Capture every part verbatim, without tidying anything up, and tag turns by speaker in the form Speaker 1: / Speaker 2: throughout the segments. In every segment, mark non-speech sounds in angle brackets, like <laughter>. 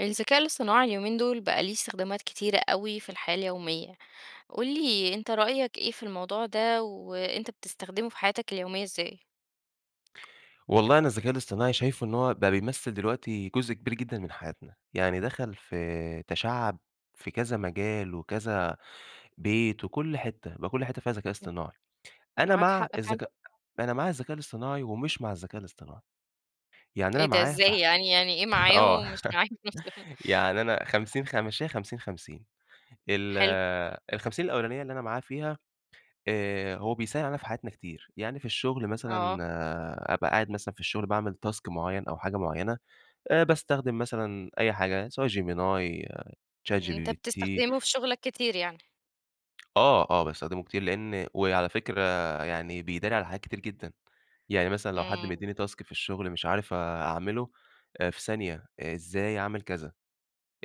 Speaker 1: الذكاء الاصطناعي اليومين دول بقى ليه استخدامات كتيرة أوي في الحياة اليومية. قل لي أنت رأيك إيه في الموضوع ده، وأنت بتستخدمه في حياتك اليومية إزاي؟
Speaker 2: والله أنا الذكاء الاصطناعي شايفه إن هو بقى بيمثّل دلوقتي جزء كبير جدًا من حياتنا، يعني دخَل في تشعّب في كذا مجال، وكذا بيت وكل حتّه، بقى كل حتّه فيها ذكاء
Speaker 1: إمم
Speaker 2: اصطناعي. أنا
Speaker 1: معاك
Speaker 2: مع
Speaker 1: حق فعلًا.
Speaker 2: الذكاء أنا مع الذكاء الاصطناعي ومش مع الذكاء الاصطناعي، يعني
Speaker 1: إيه
Speaker 2: أنا
Speaker 1: ده
Speaker 2: معاه ف
Speaker 1: إزاي يعني يعني إيه معاه
Speaker 2: آه
Speaker 1: ومش معاه
Speaker 2: <laughs>
Speaker 1: في نفس
Speaker 2: يعني أنا خمسين خ مشّيها خمسين، خمسين ال
Speaker 1: حلو.
Speaker 2: الخمسين الأولانية اللي أنا معاه فيها، آآ هو بيسهل علينا في حياتنا كتير، يعني في الشغل مثلًا
Speaker 1: آه.
Speaker 2: أبقى قاعد مثلًا في الشغل باعمِل task معيّن أو حاجة معيّنة، آآ باستخدم مثلًا أي حاجة سواء Gemini ،chat
Speaker 1: أنت
Speaker 2: gpt.
Speaker 1: بتستخدمه في شغلك كتير يعني.
Speaker 2: آه آه، باستخدمه كتير لإن وعلى فكرة يعني بيداري على حاجات كتير جدًا. يعني مثلًا لو حد
Speaker 1: إمم.
Speaker 2: مدّيني task في الشغل مش عارف أعمله آآ في ثانية، إزاي اعمِل كذا،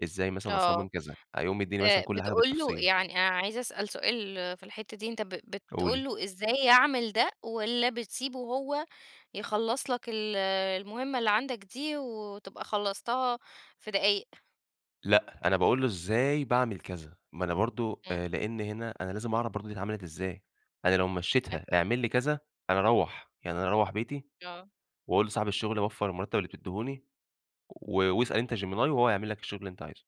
Speaker 2: إزاي مثلًا أصمم
Speaker 1: آه
Speaker 2: كذا، هيقوم مدّيني مثلًا
Speaker 1: آآ،
Speaker 2: كل حاجة
Speaker 1: بتقُول له
Speaker 2: بالتفصيل.
Speaker 1: يعني أنا عايز أسأل سؤال في الحتّه دي، أنت ب بتقُول
Speaker 2: قولِي.
Speaker 1: له إزاي يعمِل ده، والّا بتسيبه هو يخلّص لك ال المُهمة اللي عندك دي، وتبقى خلّصتها في دقايق؟
Speaker 2: لأ، أنا باقول له إزاي باعمِل كذا، ما أنا برضه،
Speaker 1: إمم.
Speaker 2: آآ لإن هنا أنا لازم أعرف برضه دي اتعملت إزاي؟ أنا لو مشّيتها
Speaker 1: أك
Speaker 2: اعمل لي كذا، أنا أروّح يعني أنا أروّح بيتي
Speaker 1: آه.
Speaker 2: وأقُول لصاحب الشغل وفّر المرتب اللي بتديهوني، و واسأل أنت gemini وهو هيعمل لك الشغل اللي أنت عايزه.